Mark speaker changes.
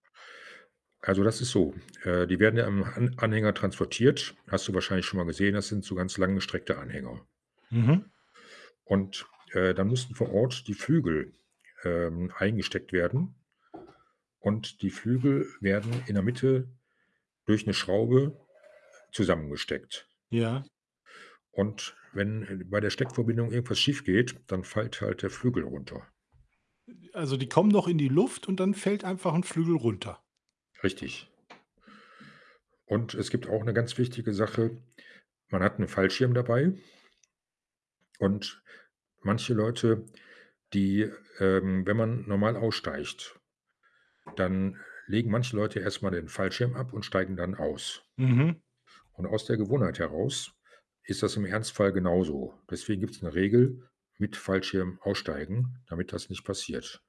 Speaker 1: Also, das ist so, äh, die werden ja am han Anhänger transportiert. Hast du wahrscheinlich schon mal gesehen, das sind so ganz lang gestreckte Anhänger.
Speaker 2: Mhm.
Speaker 1: Und, äh, da mussten vor Ort, die Flügel, ähm, eingesteckt werden und die Flügel, werden in der Mitte, durch 'ne Schraube, zusammengesteckt.
Speaker 2: Ja.
Speaker 1: Und wenn, ähm, bei der Steckverbindung, irgendwas schiefgeht, dann fällt halt der Flügel runter.
Speaker 2: Also, die kommen noch in die Luft, und dann fällt einfach 'n Flügel runter?
Speaker 1: Richtig. Und es gibt auch 'ne ganz wichtige Sache. Man hat 'ne Fallschirm dabei und, manche Leute, die, ähm wenn man normal aussteigt, dann, legen manche Leute erst mal den Fallschirm ab und steigen dann aus.
Speaker 2: Mhm.
Speaker 1: Und aus der Gewohnheit heraus, ist das im Ernstfall genau so. Deswegen gibt's 'ne Regel: „Mit Fallschirm aussteigen!“, damit das nicht passiert.